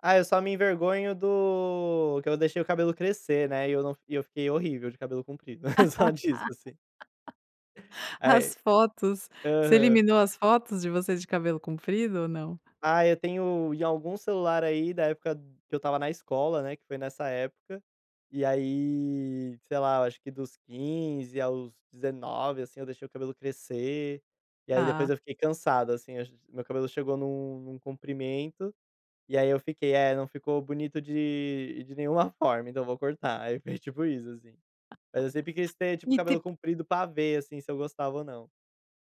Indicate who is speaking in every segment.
Speaker 1: Ah, eu só me envergonho do que eu deixei o cabelo crescer, né, e eu não e eu fiquei horrível de cabelo comprido. Só disso, assim. Ai
Speaker 2: As fotos, você
Speaker 1: aham.
Speaker 2: eliminou as fotos de vocês de cabelo comprido ou não?
Speaker 1: Ah, eu tenho em algum celular aí da época que eu estava na escola, né, que foi nessa época. E aí, sei lá, eu acho que dos 15 aos 19, assim, eu deixei o cabelo crescer, e aí depois
Speaker 2: Ah.
Speaker 1: eu fiquei cansado, assim, ach meu cabelo chegou num num comprimento, e aí eu fiquei é não ficou bonito de de nenhuma forma, então eu vou cortar, aí foi tipo isso assim. Mas eu sempre quis ter, tipo, o cabelo
Speaker 2: [unintelligible]
Speaker 1: comprido pra ver, assim, se eu gostava ou não.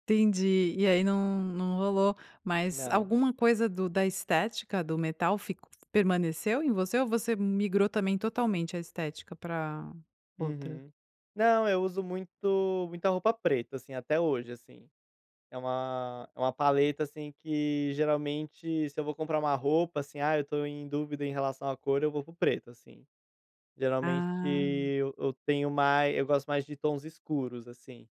Speaker 2: Entendi. E aí não não rolou, mas
Speaker 1: Não.
Speaker 2: alguma coisa do da estética do metal fic permaneceu em você, ou você migrou também totalmente a estética pra outra?
Speaker 1: Uhum. Não, eu uso muito muita roupa preta, assim, até hoje, assim. É uma é uma paleta, assim, que geralmente se eu vou comprar uma roupa, assim, ah, eu tô em dúvida em relação à cor eu vou para o preto, assim. Geralmente
Speaker 2: Ah.
Speaker 1: e eu tenho mais, eu gosto mais de tons escuros, assim.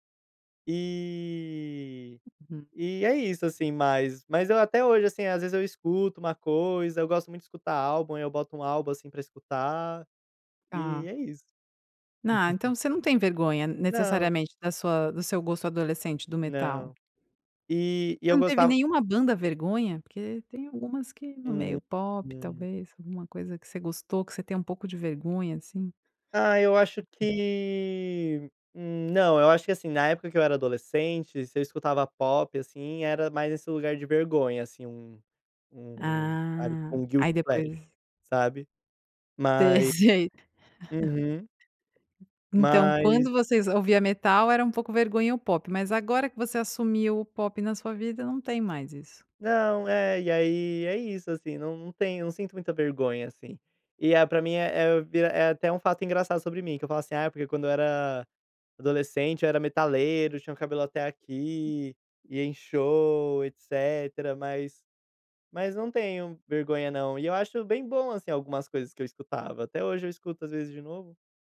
Speaker 1: E,
Speaker 2: [unintelligible]
Speaker 1: e é isso, assim mas mas eu até hoje, assim, às vezes eu escuto uma coisa, eu gosto muito de escutar álbum e eu boto um álbum, assim, pra escutar, e
Speaker 2: Tá.
Speaker 1: é isso.
Speaker 2: Ah, então você não tem vergonha
Speaker 1: Não.
Speaker 2: necessariamente da sua do seu gosto adolescente do metal?
Speaker 1: Não. E, e
Speaker 2: Você
Speaker 1: eu
Speaker 2: não teve
Speaker 1: gostava
Speaker 2: nenhuma banda vergonha? Porque tem algumas que no
Speaker 1: Hum.
Speaker 2: meio pop
Speaker 1: Hum.
Speaker 2: talvez, alguma coisa que você gostou que você tem um pouco de vergonha, assim.
Speaker 1: Ai, eu acho que, hum não. Eu acho que, assim, na época que eu era adolescente, se eu escutava pop, assim, era mais esse lugar de vergonha, assim, um um, sabe, tipo
Speaker 2: Ah.
Speaker 1: um guilty,
Speaker 2: Aí
Speaker 1: [unintelligible]
Speaker 2: depois
Speaker 1: sabe.
Speaker 2: Te
Speaker 1: Mai
Speaker 2: sei.
Speaker 1: uhum.
Speaker 2: Então
Speaker 1: Mas
Speaker 2: quando vocês ouvia metal era um pouco vergonha o pop, mas agora que você assumiu o pop na sua vida não tem mais isso.
Speaker 1: Não, é, e aí é isso, assim, não não tenho não sinto muita vergonha, assim. E é pra mim é vi é até um fato engraçado sobre mim, que eu falo assim: "Ah, porque quando eu era adolescente eu era metaleiro, tinha o cabelo até aqui, ia em show, etcetera.", mas mas não tenho vergonha não. E eu acho bem bom, assim, algumas coisas que eu escutava, até hoje eu escuto às vezes de novo.